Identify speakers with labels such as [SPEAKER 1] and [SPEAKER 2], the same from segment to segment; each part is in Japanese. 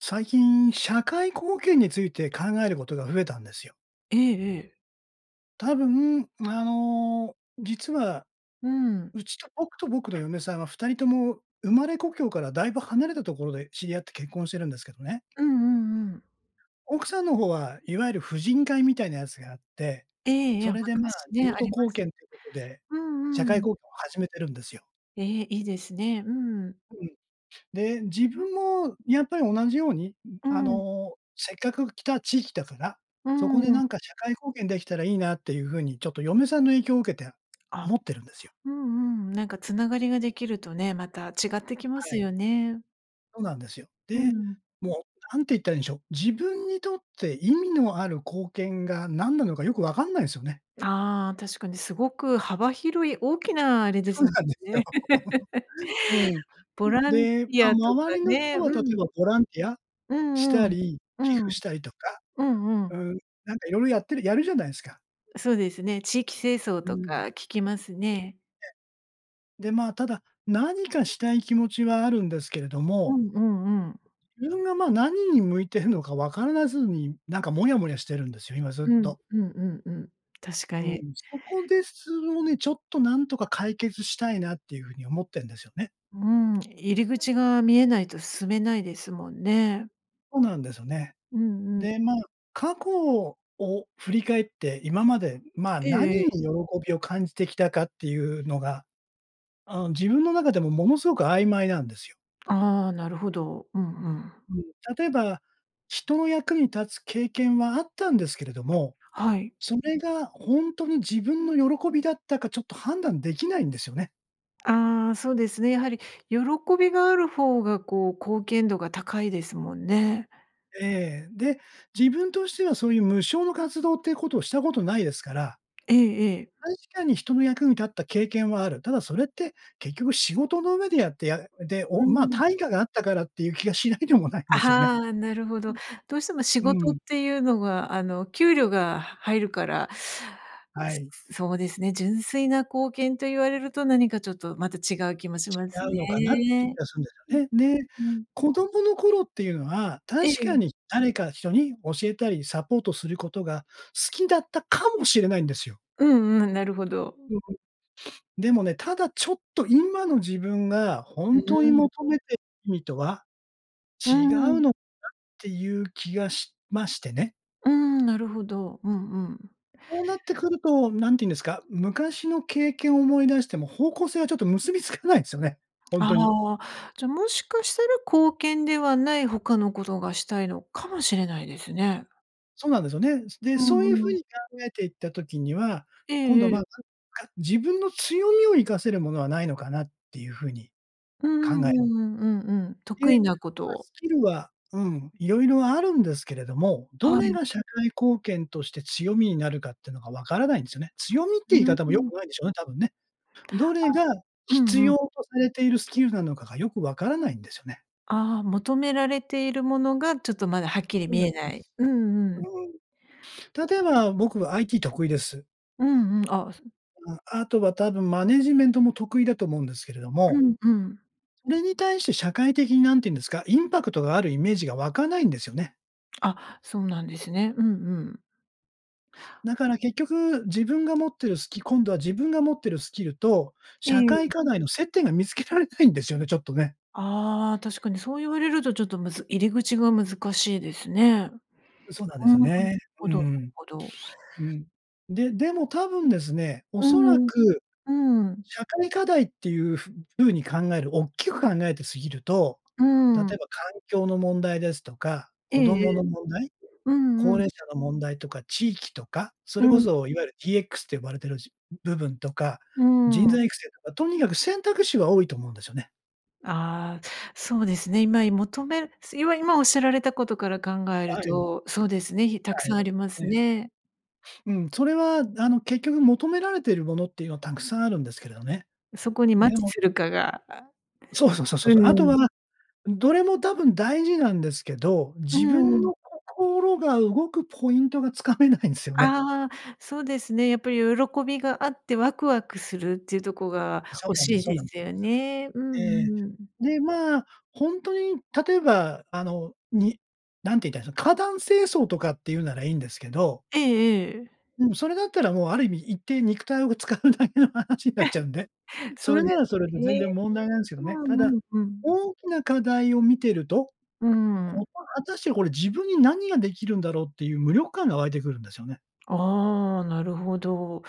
[SPEAKER 1] 最近、社会貢献について考えることが増えたんですよ。
[SPEAKER 2] ええええ。
[SPEAKER 1] 多分、あの、実は
[SPEAKER 2] うん。
[SPEAKER 1] うちと僕と僕の嫁さんは2人とも生まれ故郷からだいぶ離れたところで知り合って結婚してるんですけどね。
[SPEAKER 2] うんうんうん。
[SPEAKER 1] 奥さんの方は、いわゆる婦人会みたいなやつがあって、
[SPEAKER 2] ええ、や、
[SPEAKER 1] それでまあ
[SPEAKER 2] 昔
[SPEAKER 1] 地
[SPEAKER 2] ね、あ
[SPEAKER 1] 元
[SPEAKER 2] りま
[SPEAKER 1] 貢
[SPEAKER 2] す。
[SPEAKER 1] 献ということで、
[SPEAKER 2] う
[SPEAKER 1] 社
[SPEAKER 2] んう
[SPEAKER 1] 会
[SPEAKER 2] ん。
[SPEAKER 1] 貢献を始めてるんですよ。
[SPEAKER 2] え、いいですね。うん。
[SPEAKER 1] うん。で、自分もやっぱり同じように、う
[SPEAKER 2] う
[SPEAKER 1] あ
[SPEAKER 2] ん。
[SPEAKER 1] のせっかく来た地域だから、
[SPEAKER 2] うー
[SPEAKER 1] そこでな
[SPEAKER 2] ん。
[SPEAKER 1] んか社会貢献できたらいいなっていう風にちょっと嫁さんの影響を受けて
[SPEAKER 2] あ。
[SPEAKER 1] 思ってるんですよ。
[SPEAKER 2] うんうん、なんか繋がりができるとね、また違ってきま
[SPEAKER 1] は
[SPEAKER 2] す
[SPEAKER 1] い。
[SPEAKER 2] よね。
[SPEAKER 1] そうなんですよ。
[SPEAKER 2] う
[SPEAKER 1] で、
[SPEAKER 2] ん。
[SPEAKER 1] もう何て言ったらいいんしょう、自分にとって意味のある貢献が何なのかよくわかんないんすよね。
[SPEAKER 2] ああ、確かにすごく幅広い大きなあれで
[SPEAKER 1] そう
[SPEAKER 2] すもん
[SPEAKER 1] なんですよ。
[SPEAKER 2] ね。
[SPEAKER 1] うん。う
[SPEAKER 2] ボ
[SPEAKER 1] ん、
[SPEAKER 2] ランテ
[SPEAKER 1] で、ま、
[SPEAKER 2] ィアとか
[SPEAKER 1] 周りの
[SPEAKER 2] ね、
[SPEAKER 1] 人は例
[SPEAKER 2] う
[SPEAKER 1] え
[SPEAKER 2] ん。
[SPEAKER 1] ばボランティア
[SPEAKER 2] う
[SPEAKER 1] し
[SPEAKER 2] んう
[SPEAKER 1] た
[SPEAKER 2] ん。
[SPEAKER 1] り、
[SPEAKER 2] う
[SPEAKER 1] 寄
[SPEAKER 2] ん。
[SPEAKER 1] 付したりとか
[SPEAKER 2] うんう
[SPEAKER 1] う
[SPEAKER 2] ん。
[SPEAKER 1] ん、なんか色々やってるやるじゃないんすか。
[SPEAKER 2] そうですね、地域清掃
[SPEAKER 1] う
[SPEAKER 2] と
[SPEAKER 1] ん。
[SPEAKER 2] か聞きますね。
[SPEAKER 1] で、まあただ、何かしたい気持ちはあるんですけれど
[SPEAKER 2] う
[SPEAKER 1] も
[SPEAKER 2] んうんうん。
[SPEAKER 1] 自分がま、何に向いてるのかわからずに、なんかモヤモヤしてるんですよ、今ずっ
[SPEAKER 2] うん、
[SPEAKER 1] と。
[SPEAKER 2] うん、うん、うん。確か
[SPEAKER 1] うん、
[SPEAKER 2] に。
[SPEAKER 1] そこです、をね、ちょっとなんとか解決したいなっていう風に思ってんですよね。
[SPEAKER 2] うん、入り口が見えないと進めないですもんね。
[SPEAKER 1] そうなんですよね。
[SPEAKER 2] うんうん。
[SPEAKER 1] で、まあ、過去を振り返って、今まで、ま、
[SPEAKER 2] えええ
[SPEAKER 1] 何に
[SPEAKER 2] え。
[SPEAKER 1] 喜びを感じてきたかっていうのが、あの自分の中でもものすごく曖昧なんですよ。
[SPEAKER 2] ああ、なるほど。うんうん。
[SPEAKER 1] うん。例えば、人の役に立つ経験はあったんですけれども、
[SPEAKER 2] はい。
[SPEAKER 1] それがほんとに自分の喜びだったかちょっと判断できないんですよね。
[SPEAKER 2] ああ、そうですね。やはり喜びがある方がこう、貢献度が高いですもんね。
[SPEAKER 1] ええ、で、自分としてはそういう無償の活動っていうことをしたことないですから
[SPEAKER 2] ええええ。
[SPEAKER 1] 確かに人の役に立った経験はある。ただそれって結局仕事の上でやってやで、
[SPEAKER 2] う
[SPEAKER 1] おまあ、
[SPEAKER 2] ん。
[SPEAKER 1] 対価があったからっていう気がしないでもないん
[SPEAKER 2] あ
[SPEAKER 1] ですよね。
[SPEAKER 2] はあ、なるほど。どうしても仕
[SPEAKER 1] うん、
[SPEAKER 2] 事
[SPEAKER 1] う
[SPEAKER 2] っ
[SPEAKER 1] ん。
[SPEAKER 2] ていうのがあの、給料がは入るから、
[SPEAKER 1] はい。
[SPEAKER 2] そそうですね、純粋な貢献と言われると何かちょっとまた違う気もします
[SPEAKER 1] 違うのかなっていう気
[SPEAKER 2] ね。
[SPEAKER 1] がすんで
[SPEAKER 2] う
[SPEAKER 1] すよね。で、
[SPEAKER 2] ん、うん。
[SPEAKER 1] 子供の頃っていうのは、
[SPEAKER 2] え
[SPEAKER 1] 確
[SPEAKER 2] え。
[SPEAKER 1] かに誰か人に教えたりサポートすることが好きだったかもしれないんですよ。
[SPEAKER 2] うんうん、なるほど。
[SPEAKER 1] でもね、ただちょっと今の自分がほ
[SPEAKER 2] う
[SPEAKER 1] んと
[SPEAKER 2] ー
[SPEAKER 1] に
[SPEAKER 2] ん。
[SPEAKER 1] 求めて、意味とは
[SPEAKER 2] う
[SPEAKER 1] 違うのか
[SPEAKER 2] ん。
[SPEAKER 1] なっていう気がしましてね。
[SPEAKER 2] うーん、なるほど。うんうん。
[SPEAKER 1] そうなってくると、何て言うんですか、昔の経験を思い出しても方向性はちょっと結びつかないですよね。ほんとに。
[SPEAKER 2] ああ、じゃもしかしたら貢献ではない他のことがしたいのかもしれないですね。
[SPEAKER 1] そうなんですよね。つで、
[SPEAKER 2] う
[SPEAKER 1] そういう
[SPEAKER 2] んう
[SPEAKER 1] 風
[SPEAKER 2] ん。
[SPEAKER 1] に考えていった時には、
[SPEAKER 2] え
[SPEAKER 1] 今
[SPEAKER 2] え
[SPEAKER 1] 度
[SPEAKER 2] え
[SPEAKER 1] まあ、
[SPEAKER 2] え。
[SPEAKER 1] なんか自分の強みを活かせるものはないのかなっていう風に
[SPEAKER 2] うん
[SPEAKER 1] 考え
[SPEAKER 2] うんうんうんうん、得
[SPEAKER 1] で、
[SPEAKER 2] 意なこと
[SPEAKER 1] まあ
[SPEAKER 2] を
[SPEAKER 1] スキルはうん、いろいろあるんですけれども、ど
[SPEAKER 2] は
[SPEAKER 1] れ
[SPEAKER 2] い。
[SPEAKER 1] が社会貢献として強みになるかってのがわからないんですよね。「強み」って
[SPEAKER 2] う
[SPEAKER 1] いう言い
[SPEAKER 2] ー
[SPEAKER 1] 方も良
[SPEAKER 2] ん。
[SPEAKER 1] くないんでしょうね、たぶんね。ど
[SPEAKER 2] あ、
[SPEAKER 1] れが
[SPEAKER 2] う
[SPEAKER 1] 必
[SPEAKER 2] んう
[SPEAKER 1] 要
[SPEAKER 2] ん。
[SPEAKER 1] とされているスキルなのかがよくわからないんですよね。
[SPEAKER 2] ああ、求められているものがちょっとまだはっきり
[SPEAKER 1] そう
[SPEAKER 2] 見
[SPEAKER 1] です
[SPEAKER 2] え
[SPEAKER 1] そう
[SPEAKER 2] な
[SPEAKER 1] で
[SPEAKER 2] い。
[SPEAKER 1] す。
[SPEAKER 2] うんう
[SPEAKER 1] う
[SPEAKER 2] ん。
[SPEAKER 1] ーん、例えば僕は IT 得意です。
[SPEAKER 2] うんうん、あ、そ
[SPEAKER 1] あ、あとは多分マネージメントも得意だと思うんですけれど
[SPEAKER 2] う
[SPEAKER 1] も
[SPEAKER 2] んうん。
[SPEAKER 1] それに対して社会的に何て言うんですか、インパクトがあるイメージが湧かないんですよね。
[SPEAKER 2] あ、そうなんですね。うんうん。
[SPEAKER 1] だから結局、自分が持ってるスキ今度は自分が持ってるスキルと、
[SPEAKER 2] え
[SPEAKER 1] 社
[SPEAKER 2] えええ。
[SPEAKER 1] 会課題の接点が見つけられないんですよね、ちょっとね。
[SPEAKER 2] ああ、確かにそう言われるとちょっとむず入り口が難しいですね。
[SPEAKER 1] う、そうなんで
[SPEAKER 2] う
[SPEAKER 1] す
[SPEAKER 2] ー
[SPEAKER 1] よ
[SPEAKER 2] ん、なる
[SPEAKER 1] ね。
[SPEAKER 2] ほ
[SPEAKER 1] う
[SPEAKER 2] ど
[SPEAKER 1] ん
[SPEAKER 2] なるほど。
[SPEAKER 1] うん。うん。で、でも多分ですね、お
[SPEAKER 2] うー
[SPEAKER 1] そら
[SPEAKER 2] ん、
[SPEAKER 1] く
[SPEAKER 2] うん。
[SPEAKER 1] 社会課題っていうふ風に考える大きく考えて、過ぎると、
[SPEAKER 2] うー
[SPEAKER 1] 例え
[SPEAKER 2] ん。
[SPEAKER 1] ば環境の問題ですとか、
[SPEAKER 2] ええ
[SPEAKER 1] 子
[SPEAKER 2] え
[SPEAKER 1] 供
[SPEAKER 2] え。
[SPEAKER 1] の問題、
[SPEAKER 2] うんう
[SPEAKER 1] 高
[SPEAKER 2] ん。
[SPEAKER 1] 齢者の問題とか地域とか、そ
[SPEAKER 2] う
[SPEAKER 1] れこ
[SPEAKER 2] ん。
[SPEAKER 1] そいわゆるDXと呼ばれているじ部分とか、
[SPEAKER 2] うー
[SPEAKER 1] 人
[SPEAKER 2] ん。
[SPEAKER 1] 材育成とか、とにかく選択肢は多いと思うんですよね。
[SPEAKER 2] ああ、そうですね、今い求めすいわ今おっしゃられたことから考える
[SPEAKER 1] はい。
[SPEAKER 2] と、そうですね、ひた
[SPEAKER 1] は
[SPEAKER 2] く
[SPEAKER 1] い、
[SPEAKER 2] さんありま
[SPEAKER 1] え
[SPEAKER 2] す
[SPEAKER 1] え。
[SPEAKER 2] ね。
[SPEAKER 1] うん、それはあの、結局求められているものっていうのはたくさんあるんですけれどね。
[SPEAKER 2] うそこにマッ
[SPEAKER 1] で
[SPEAKER 2] チ
[SPEAKER 1] も
[SPEAKER 2] するかが、あ
[SPEAKER 1] そうそうそうそう
[SPEAKER 2] う
[SPEAKER 1] そう。あと
[SPEAKER 2] ん。
[SPEAKER 1] は、どれも多分大事なんですけど、
[SPEAKER 2] う
[SPEAKER 1] 自分
[SPEAKER 2] ん。
[SPEAKER 1] の心が動くポイントがつかめないんすよね。
[SPEAKER 2] ああ、そうですね。やっぱり喜びがあってワクワクするっていうとこが
[SPEAKER 1] そう
[SPEAKER 2] 欲
[SPEAKER 1] なんで
[SPEAKER 2] し
[SPEAKER 1] す
[SPEAKER 2] い
[SPEAKER 1] そう
[SPEAKER 2] で
[SPEAKER 1] なんで
[SPEAKER 2] すよ
[SPEAKER 1] す。
[SPEAKER 2] ね。う
[SPEAKER 1] ええ、
[SPEAKER 2] んうん。
[SPEAKER 1] で、まあ、ほんとに例えばあの、に何て言ったらいいその、花壇清掃とかって言うならいいんですけど
[SPEAKER 2] ええええ。
[SPEAKER 1] うん、それだったらもうある意味行って肉体を使うだけの話になっちゃうんで、そ
[SPEAKER 2] そう
[SPEAKER 1] れな
[SPEAKER 2] です
[SPEAKER 1] らそれで全
[SPEAKER 2] ね。
[SPEAKER 1] 然問題ないんすけどね。
[SPEAKER 2] う
[SPEAKER 1] た
[SPEAKER 2] んう
[SPEAKER 1] だ、
[SPEAKER 2] んうん。
[SPEAKER 1] 大きな課題を見てると、
[SPEAKER 2] うー
[SPEAKER 1] こ
[SPEAKER 2] ん。
[SPEAKER 1] と果たしてこれ自分に何ができるんだろうっていう無力感が湧いてくるんですよね。
[SPEAKER 2] ああ、なるほど。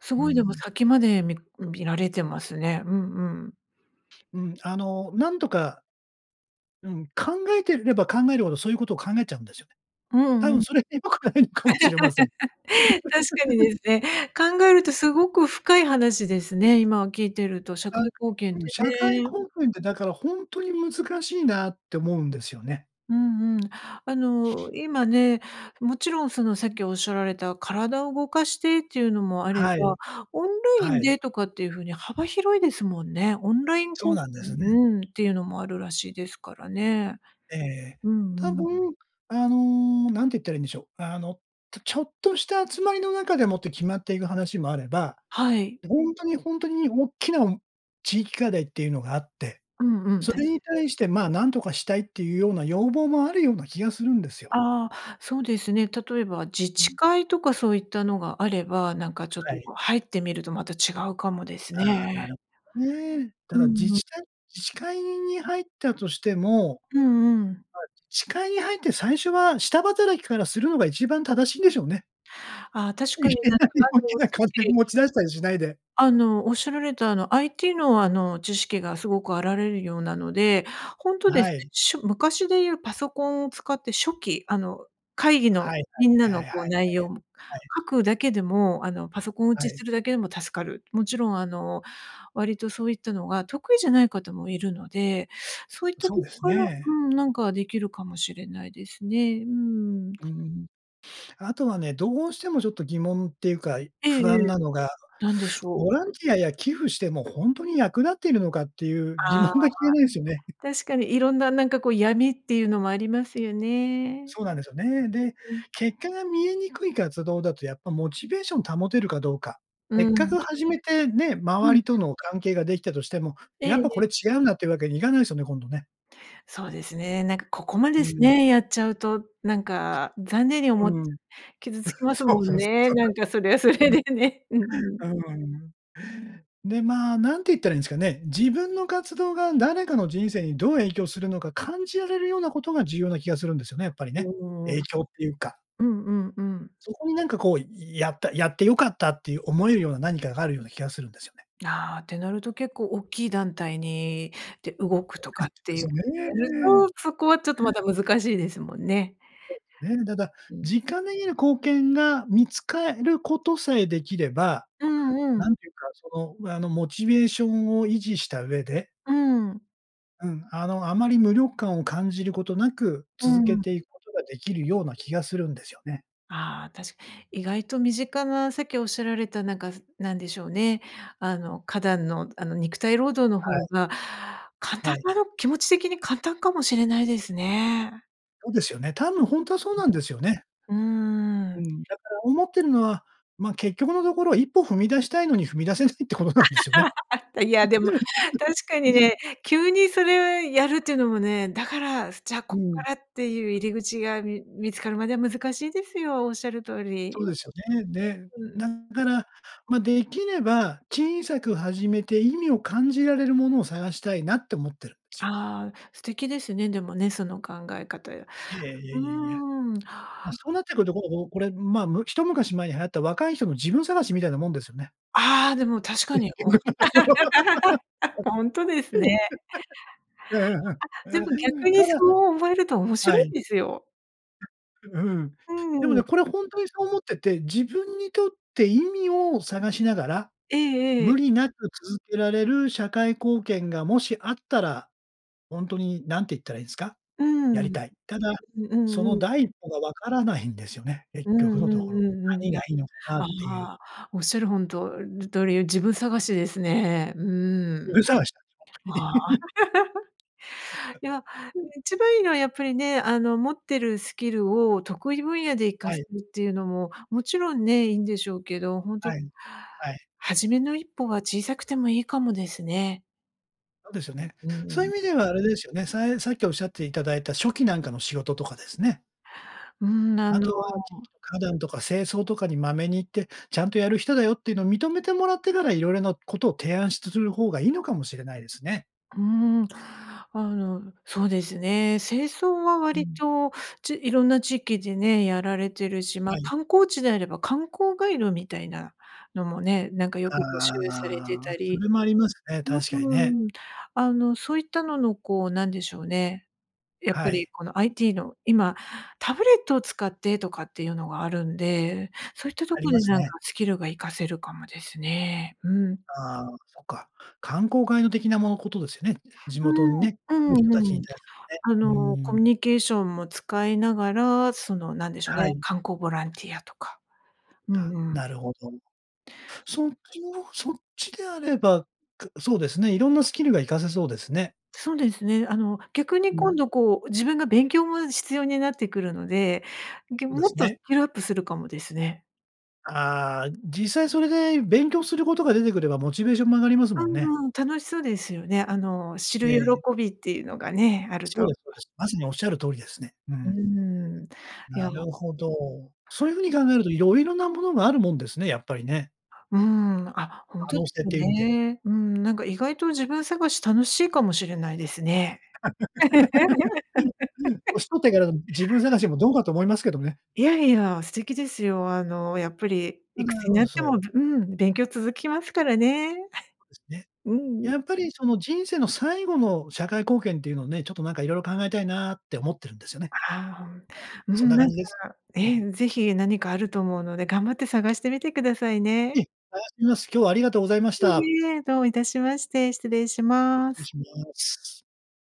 [SPEAKER 2] す
[SPEAKER 1] う
[SPEAKER 2] ごいでも
[SPEAKER 1] ん。
[SPEAKER 2] 先までみ見られてますね。うんうん。
[SPEAKER 1] うん、あの、なんとかうん、考えてれば考えるほど、そういうことを考えちゃうんですよね。
[SPEAKER 2] う
[SPEAKER 1] 多
[SPEAKER 2] んう
[SPEAKER 1] 分
[SPEAKER 2] ん。
[SPEAKER 1] それ良くないのかもしれません。
[SPEAKER 2] 確かに ですね。考えるとすごく深い話ですね、今聞いてると、社
[SPEAKER 1] あ、
[SPEAKER 2] 会貢献っ
[SPEAKER 1] うん、
[SPEAKER 2] て
[SPEAKER 1] 社会
[SPEAKER 2] ね。
[SPEAKER 1] 貢献ってだからほんとに難しいなって思うんですよね。
[SPEAKER 2] うんうん。あの、今ね、もちろんそのさっきおっしゃられた体を動かしてっていうのもあれ
[SPEAKER 1] はい。
[SPEAKER 2] ば、オンライ
[SPEAKER 1] は
[SPEAKER 2] ン
[SPEAKER 1] い。
[SPEAKER 2] でとかっていう風に幅広いですもんね。オンライン
[SPEAKER 1] そ
[SPEAKER 2] こ
[SPEAKER 1] うなんで
[SPEAKER 2] う
[SPEAKER 1] すね。
[SPEAKER 2] ううん、っていうのもあるらしいですからね。
[SPEAKER 1] ええ、
[SPEAKER 2] うんう
[SPEAKER 1] 多
[SPEAKER 2] ん。
[SPEAKER 1] 分あの、何て言ったらいいんでしょう。あの、とちょっとした集まりの中でもって決まっていく話もあれば、
[SPEAKER 2] はい。
[SPEAKER 1] ほんとに、ほんとに大きな地域課題っていうのがあって、
[SPEAKER 2] うんうん、
[SPEAKER 1] そ
[SPEAKER 2] 確
[SPEAKER 1] れ
[SPEAKER 2] か
[SPEAKER 1] に
[SPEAKER 2] に。
[SPEAKER 1] 対してまあ、何とかしたいっていうような要望もあるような気がするんですよ。
[SPEAKER 2] ああ、そうですね。例えば自
[SPEAKER 1] う
[SPEAKER 2] 治
[SPEAKER 1] ん。
[SPEAKER 2] 会とかそういったのがあれば、なんかちょっ
[SPEAKER 1] は
[SPEAKER 2] と、
[SPEAKER 1] い。
[SPEAKER 2] こう、入ってみるとまた違うかもです
[SPEAKER 1] ああ、なる
[SPEAKER 2] ね。
[SPEAKER 1] ほどね。だ
[SPEAKER 2] う
[SPEAKER 1] から自
[SPEAKER 2] んうん。
[SPEAKER 1] 治体自治会に入ったとしてもまあ、
[SPEAKER 2] うんうん。
[SPEAKER 1] 自治会に入って最初は下働きからするのが一番正しいんでしょうね。
[SPEAKER 2] ああ、確
[SPEAKER 1] い
[SPEAKER 2] か
[SPEAKER 1] き
[SPEAKER 2] になんか
[SPEAKER 1] なり
[SPEAKER 2] あ
[SPEAKER 1] 大き
[SPEAKER 2] の
[SPEAKER 1] な
[SPEAKER 2] さっ
[SPEAKER 1] 金
[SPEAKER 2] き
[SPEAKER 1] 持ち出したりしないで。
[SPEAKER 2] あの、おっしゃられたあの IT のあの、知識がすごくあられるようなので、ほんと
[SPEAKER 1] あ、
[SPEAKER 2] で
[SPEAKER 1] は
[SPEAKER 2] すね、
[SPEAKER 1] い。
[SPEAKER 2] ちしょ昔で言うパソコンを使って書記、あの、会議
[SPEAKER 1] は
[SPEAKER 2] の
[SPEAKER 1] いはい、
[SPEAKER 2] みんな
[SPEAKER 1] やや、は
[SPEAKER 2] の
[SPEAKER 1] いはい、
[SPEAKER 2] こう内容
[SPEAKER 1] はい。
[SPEAKER 2] 書くだけでもあの、パソコン打
[SPEAKER 1] は
[SPEAKER 2] ち
[SPEAKER 1] い。
[SPEAKER 2] するだけでも助かる。もちろんあの、割とそういったのが得意じゃない方もいるので、そういっ
[SPEAKER 1] う
[SPEAKER 2] た
[SPEAKER 1] そう
[SPEAKER 2] とこ
[SPEAKER 1] です
[SPEAKER 2] から
[SPEAKER 1] ね。
[SPEAKER 2] うん。なんかできるかもしれないですね。うーん。
[SPEAKER 1] うん。あとはね、どうしてもちょっと疑問っていうか、い
[SPEAKER 2] えええ
[SPEAKER 1] 不安
[SPEAKER 2] え。
[SPEAKER 1] なのが、
[SPEAKER 2] なんでしょ
[SPEAKER 1] ボ
[SPEAKER 2] う。
[SPEAKER 1] ランティアや寄付してもほんとに役立っているのかっていう疑
[SPEAKER 2] あ
[SPEAKER 1] 問
[SPEAKER 2] あ。
[SPEAKER 1] が消えないですよね。
[SPEAKER 2] 確かにいろんななんかこう闇っていうのもありますよね。
[SPEAKER 1] そうなんですよね。で、
[SPEAKER 2] うんうん。
[SPEAKER 1] 結果が見えにくい活動だとやっぱモチベーション保てるかどうか、
[SPEAKER 2] う
[SPEAKER 1] せっか
[SPEAKER 2] ん。
[SPEAKER 1] く始めて、ね、
[SPEAKER 2] う
[SPEAKER 1] 周
[SPEAKER 2] ん。
[SPEAKER 1] りとの関係ができたとしても、
[SPEAKER 2] え
[SPEAKER 1] や
[SPEAKER 2] え
[SPEAKER 1] っぱ
[SPEAKER 2] え
[SPEAKER 1] こ
[SPEAKER 2] え。
[SPEAKER 1] れ違うんだっていうわけにいかないすよね、今度ね。
[SPEAKER 2] そうですね、なんかここま
[SPEAKER 1] う
[SPEAKER 2] です
[SPEAKER 1] ん。
[SPEAKER 2] ね、やっちゃうと、なんか残念に思っち
[SPEAKER 1] う
[SPEAKER 2] ゃ、
[SPEAKER 1] ん。
[SPEAKER 2] 傷つき ます
[SPEAKER 1] そう
[SPEAKER 2] も
[SPEAKER 1] そ
[SPEAKER 2] ん
[SPEAKER 1] うそう、
[SPEAKER 2] ね、
[SPEAKER 1] そう
[SPEAKER 2] な
[SPEAKER 1] なん
[SPEAKER 2] ん
[SPEAKER 1] で
[SPEAKER 2] かそれはそ
[SPEAKER 1] す
[SPEAKER 2] れ
[SPEAKER 1] よ。うん。
[SPEAKER 2] でね。うんうん。
[SPEAKER 1] うーん。で、まあ、何て言ったらいいんすかね、自分の活動が誰かの人生にどう影響するのか感じられるようなことが重要な気がするんですよね、やっぱり
[SPEAKER 2] うー
[SPEAKER 1] ね。
[SPEAKER 2] ん。
[SPEAKER 1] 影響っていうか。
[SPEAKER 2] うんうんうん。
[SPEAKER 1] そこになんかこう、いやった、やって良かったっていう思えるような何かがあるような気がするんですよね。
[SPEAKER 2] ああ、ってなると結構大きい団体にで動くとかっ て
[SPEAKER 1] で
[SPEAKER 2] い
[SPEAKER 1] す
[SPEAKER 2] う
[SPEAKER 1] よね。うん。
[SPEAKER 2] と、そこはちょっとまた難しいですもんね。
[SPEAKER 1] そうですね。ただ、
[SPEAKER 2] うん。
[SPEAKER 1] 実感できる貢献が見つかえることさえできれば、
[SPEAKER 2] うんう
[SPEAKER 1] な
[SPEAKER 2] ん。
[SPEAKER 1] んていうかそのあのモチベーションを維持した上で
[SPEAKER 2] うん。
[SPEAKER 1] うん、あの、あまり無力感を感じることなく、
[SPEAKER 2] うー
[SPEAKER 1] 続け
[SPEAKER 2] ん。
[SPEAKER 1] ていくことができるような気がするんですよね。
[SPEAKER 2] ああ、たし意外と身近なさっきおっしゃられたなんかすなんでしょうね。あの花壇のあの肉体労働の
[SPEAKER 1] は
[SPEAKER 2] 方
[SPEAKER 1] い。
[SPEAKER 2] が簡
[SPEAKER 1] は
[SPEAKER 2] 単
[SPEAKER 1] い。
[SPEAKER 2] かな気持ち的に簡単かもしれないですね。
[SPEAKER 1] そうですよね。多分ほんとはそうなんですよね。
[SPEAKER 2] うー
[SPEAKER 1] う
[SPEAKER 2] ん。
[SPEAKER 1] ん、だから思ってるのは、ま、結局のところ一歩踏み出したいのに踏み出せないってことなんですよね。
[SPEAKER 2] あ、たいやで
[SPEAKER 1] う
[SPEAKER 2] も
[SPEAKER 1] ね。
[SPEAKER 2] 確かにね、急にそれをやるっていうのもね、だからすじゃあ
[SPEAKER 1] う
[SPEAKER 2] こっか
[SPEAKER 1] ん。
[SPEAKER 2] らっていう入り口が、み見つかるまでは難しいですよ、おっしゃる通
[SPEAKER 1] そう
[SPEAKER 2] り。
[SPEAKER 1] ですよね。で、
[SPEAKER 2] う
[SPEAKER 1] だ
[SPEAKER 2] ん。
[SPEAKER 1] から、まできれば、小さく始めて意味を感じられるものを探したいなって思ってるんすよ。
[SPEAKER 2] ああ、素敵ですね、でもね、その考え方や
[SPEAKER 1] いえいえい
[SPEAKER 2] う
[SPEAKER 1] えいえいえ。
[SPEAKER 2] ーん。
[SPEAKER 1] ま、そうなってくると、こうこうこれまあ、む一昔前に流行った若い人の自分探しみたいなもんですよね。
[SPEAKER 2] ああ、でも確か
[SPEAKER 1] 結
[SPEAKER 2] に。お
[SPEAKER 1] 局のところ。
[SPEAKER 2] ほんとですね。
[SPEAKER 1] うんうん
[SPEAKER 2] あ、でも
[SPEAKER 1] うん。
[SPEAKER 2] 逆に
[SPEAKER 1] た
[SPEAKER 2] そ
[SPEAKER 1] だ
[SPEAKER 2] う思えると面
[SPEAKER 1] は
[SPEAKER 2] 白
[SPEAKER 1] い。
[SPEAKER 2] いんですよ。
[SPEAKER 1] ううん。
[SPEAKER 2] う
[SPEAKER 1] でも
[SPEAKER 2] んう
[SPEAKER 1] ね、
[SPEAKER 2] ん。
[SPEAKER 1] これほんとにそう思ってて、自分にとって意味を探しながら、
[SPEAKER 2] えええ
[SPEAKER 1] 無
[SPEAKER 2] え。
[SPEAKER 1] 理なく続けられる社会貢献がもしあったら、ほんとに何て言ったらいいんすか、
[SPEAKER 2] うー
[SPEAKER 1] やり
[SPEAKER 2] ん。
[SPEAKER 1] たい、ただ、
[SPEAKER 2] う
[SPEAKER 1] そ
[SPEAKER 2] んう
[SPEAKER 1] の
[SPEAKER 2] ん。
[SPEAKER 1] 第一歩が分からないん ですよね、結
[SPEAKER 2] うん
[SPEAKER 1] 局
[SPEAKER 2] うん
[SPEAKER 1] のところ。
[SPEAKER 2] うんうん、い
[SPEAKER 1] 何が
[SPEAKER 2] や、
[SPEAKER 1] いいのかなっ
[SPEAKER 2] あ
[SPEAKER 1] ていう。
[SPEAKER 2] あ、おっしゃるほんととおり自分探しですね。う
[SPEAKER 1] 自
[SPEAKER 2] ーん。
[SPEAKER 1] 分探しなんです
[SPEAKER 2] あ
[SPEAKER 1] ほ
[SPEAKER 2] あ。
[SPEAKER 1] んとに。
[SPEAKER 2] い や、一番いいのはやっぱりね、あの持ってるスキルを得意分野で活か
[SPEAKER 1] は
[SPEAKER 2] す
[SPEAKER 1] い。
[SPEAKER 2] っていうのも、もちろんね、いいんでしょうけど、ほんと
[SPEAKER 1] はい、はい。
[SPEAKER 2] 初めの一歩は小さくてもいいかもですね。
[SPEAKER 1] そうですよ
[SPEAKER 2] う、
[SPEAKER 1] ね。
[SPEAKER 2] うー
[SPEAKER 1] そういう
[SPEAKER 2] ん。
[SPEAKER 1] 意味ではあれですよね、さいさっきおっしゃっていただいた書記なんかの仕事とかですね
[SPEAKER 2] うん、あ
[SPEAKER 1] あ
[SPEAKER 2] の
[SPEAKER 1] とは、地域の花壇とか清掃とかにまめに行って、ちゃんとやる人だよっていうのを認めてもらってからいろいろなことを提案しつする方がいいのかもしれないですね。
[SPEAKER 2] うーん、あの、そうですね、清掃は
[SPEAKER 1] う
[SPEAKER 2] 割
[SPEAKER 1] ん。
[SPEAKER 2] とち色んな地域でね、やられてるし、ま、
[SPEAKER 1] はい。
[SPEAKER 2] 観光地であれば観光ガイドみたいなのもね、なんかよく募集されて
[SPEAKER 1] ああ、
[SPEAKER 2] た
[SPEAKER 1] そ
[SPEAKER 2] り、
[SPEAKER 1] れもありますね、確かにね。
[SPEAKER 2] うーん、あの、そういったののこう、なんでしょうね、やっぱ
[SPEAKER 1] は
[SPEAKER 2] り
[SPEAKER 1] い。
[SPEAKER 2] この IT の、今タブレットを使ってとかっていうのがあるんで、そういったと
[SPEAKER 1] あり
[SPEAKER 2] こ
[SPEAKER 1] ま
[SPEAKER 2] で
[SPEAKER 1] す
[SPEAKER 2] なん
[SPEAKER 1] ね。
[SPEAKER 2] かスキルが活かせるかもですね、うん。
[SPEAKER 1] ああ、そっか。観光ガイド的なものことですよね。地
[SPEAKER 2] う
[SPEAKER 1] 元にね、来
[SPEAKER 2] ん、
[SPEAKER 1] る
[SPEAKER 2] う
[SPEAKER 1] 人
[SPEAKER 2] ん
[SPEAKER 1] たちに
[SPEAKER 2] うん。
[SPEAKER 1] 対す
[SPEAKER 2] あ
[SPEAKER 1] るね。う
[SPEAKER 2] の、コ
[SPEAKER 1] ーん。
[SPEAKER 2] ミュニケーションも使いながら、その、何でしょう
[SPEAKER 1] は
[SPEAKER 2] ね、
[SPEAKER 1] い。
[SPEAKER 2] 観光ボランティアとか。う
[SPEAKER 1] あ、
[SPEAKER 2] んうん。
[SPEAKER 1] なるほど。そっちのそっちであれば、くそうですね、色んなスキルが活かせそうですね。
[SPEAKER 2] そうですね。あの、逆に
[SPEAKER 1] う
[SPEAKER 2] 今
[SPEAKER 1] ん。
[SPEAKER 2] 度こう、自分が勉強も必要になってくるので、ぎょう
[SPEAKER 1] で
[SPEAKER 2] もっ
[SPEAKER 1] す
[SPEAKER 2] とス
[SPEAKER 1] ね。
[SPEAKER 2] キルアップするかもですね。
[SPEAKER 1] ああ、実際それで勉強することが出てくれば、モチベーションも上がりますも
[SPEAKER 2] う
[SPEAKER 1] んね。
[SPEAKER 2] ん、うん、楽しそうですよね、あの、知
[SPEAKER 1] え
[SPEAKER 2] る喜
[SPEAKER 1] え。
[SPEAKER 2] びっていうのがね、ある
[SPEAKER 1] そう
[SPEAKER 2] と。
[SPEAKER 1] ですそうです。まさにおっしゃる通りですね。う
[SPEAKER 2] うー
[SPEAKER 1] ん。
[SPEAKER 2] ん、い
[SPEAKER 1] な
[SPEAKER 2] や
[SPEAKER 1] るほど。そういう風に考えると色々なものがあるもんですね、やっぱりね。
[SPEAKER 2] うーん。あ、ほん
[SPEAKER 1] 可
[SPEAKER 2] と
[SPEAKER 1] 能
[SPEAKER 2] で
[SPEAKER 1] 性
[SPEAKER 2] す
[SPEAKER 1] という意味で。
[SPEAKER 2] ね、うーん、なんか意外と自分探し楽しいかもしれないですね。
[SPEAKER 1] うん、う、うん、年取ってから自分 探しもどうかと思いますけどね。
[SPEAKER 2] いや、いや、素敵ですよ。あのやっぱり
[SPEAKER 1] た
[SPEAKER 2] いくつに
[SPEAKER 1] だ
[SPEAKER 2] なって
[SPEAKER 1] そう。
[SPEAKER 2] も、べうん、勉強続きますからね。
[SPEAKER 1] そうです ね。
[SPEAKER 2] うん。
[SPEAKER 1] やっぱりその、人生の最後の社会貢献っていうのをね、ちょっとなんか色々考えたいなって思ってるんですよね。まあ、
[SPEAKER 2] ああ、ほんう
[SPEAKER 1] そん
[SPEAKER 2] ん、
[SPEAKER 1] な
[SPEAKER 2] な
[SPEAKER 1] 感
[SPEAKER 2] ん
[SPEAKER 1] じ
[SPEAKER 2] か、
[SPEAKER 1] です。うん。
[SPEAKER 2] え、ぜひ何かあると思うので、頑張って探してみてください
[SPEAKER 1] え
[SPEAKER 2] ね。
[SPEAKER 1] え、探してみます。今日はありがとうございました。
[SPEAKER 2] いいえ、どういたしまして、失礼しま
[SPEAKER 1] 失礼
[SPEAKER 2] す。
[SPEAKER 1] します。